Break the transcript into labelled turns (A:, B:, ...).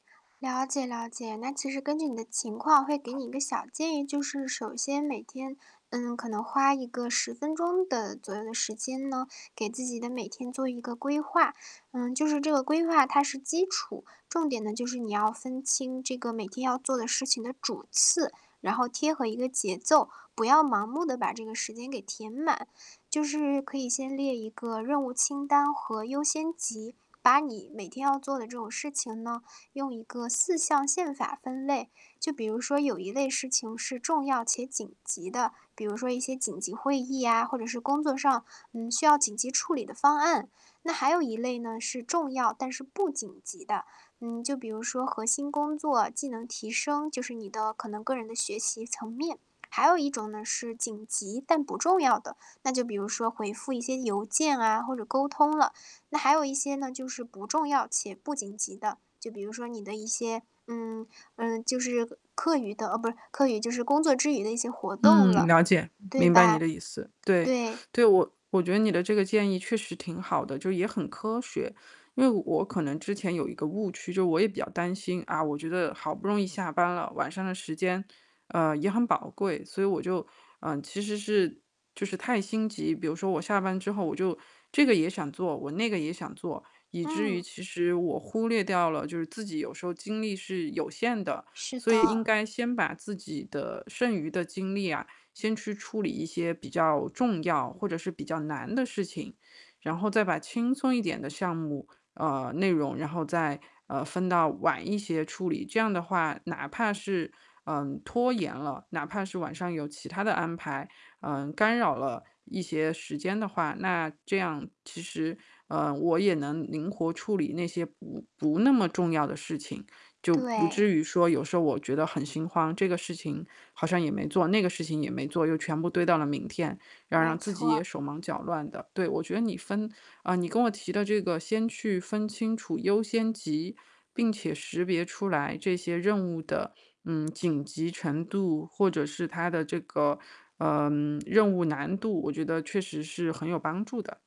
A: 了解了解，那其实根据你的情况，会给你一个小建议，就是首先每天，嗯，可能花一个10分钟的左右的时间呢，给自己的每天做一个规划。嗯，就是这个规划它是基础，重点呢，就是你要分清这个每天要做的事情的主次，然后贴合一个节奏，不要盲目地把这个时间给填满。就是可以先列一个任务清单和优先级，把你每天要做的这种事情呢，用一个四象限法分类。就比如说有一类事情是重要且紧急的，比如说一些紧急会议呀，或者是工作上，嗯，需要紧急处理的方案。那还有一类呢，是重要但是不紧急的，嗯，就比如说核心工作、技能提升，就是你的可能个人的学习层面。还有一种呢，是紧急但不重要的，那就比如说回复一些邮件啊，或者沟通了。那还有一些呢，就是不重要且不紧急的，就比如说你的一些嗯，嗯，就是课余的哦，不，课余就是工作之余的一些活动
B: 嗯，
A: 了，
B: 了解，
A: 对
B: 明白你
A: 吧？
B: 的意思。对
A: 对。
B: 对，我我觉得你的这个建议确实挺好的，就也很科学。因为我可能之前有一个误区，就我也比较担心，啊，我觉得好不容易下班了，晚上的时间，呃，也很宝贵，所以我就呃，其实是就是太心急。比如说我下班之后，我就这个也想做，我那个也想做，以至于
A: 嗯。
B: 其实我忽略掉了，就是自己有时候精力是有限的。
A: 是
B: 所以应
A: 的。
B: 该先把自己的剩余的精力啊，先去处理一些比较重要或者是比较难的事情，然后再把轻松一点的项目，呃，内容，然后再，呃，分到晚一些处理。这样的话，哪怕是，嗯，拖延了，哪怕是晚上有其他的安排，嗯，干扰了一些时间的话，那这样其实，嗯，我也能灵活处理那些不不那么重要的事情。就不至
A: 对。
B: 于说有时候我觉得很心慌，这个事情好像也没做，那个事情也没做，又全部堆到了明天，要
A: 没
B: 让自己也
A: 错。
B: 手忙脚乱的。对，我觉得你分呃，你跟我提的这个先去分清楚优先级，并且识别出来这些任务的，嗯，紧急程度或者是它的这个，嗯，任务难度，我觉得确实是很有帮助的。